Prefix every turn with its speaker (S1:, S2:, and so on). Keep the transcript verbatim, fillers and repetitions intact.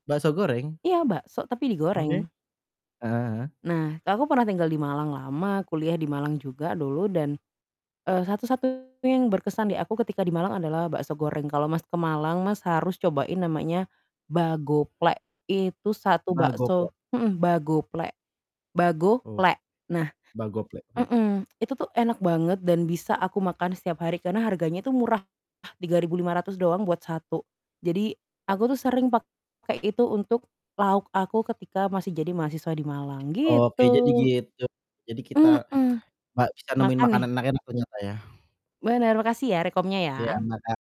S1: Bakso goreng?
S2: Iya, bakso tapi
S1: Oke,
S2: digoreng.
S1: heeh heeh.
S2: Nah aku pernah tinggal di Malang lama, kuliah di Malang juga dulu dan, eee, satu-satunya yang berkesan di aku ketika di Malang adalah bakso goreng. Kalau Mas ke Malang Mas, harus cobain namanya Bagoplek, itu satu bakso
S1: Bagoplek?
S2: mhm, Bagoplek,
S1: Oh,
S2: Bago-plek nah
S1: Bagoplek, oke.
S2: mhm, itu tuh enak banget dan bisa aku makan setiap hari karena harganya itu murah, tiga ribu lima ratus doang buat satu, jadi aku tuh sering pake itu untuk, lauk aku ketika masih jadi mahasiswa di Malang
S1: Oke, jadi
S2: gitu.
S1: gitu, jadi kita
S2: Mhm,
S1: pa bisa nemuin
S2: makan nih?
S1: makanan enak-enak ternyata ya.
S2: Bener, makasih ya rekomnya
S1: Iya
S2: ya.
S1: makan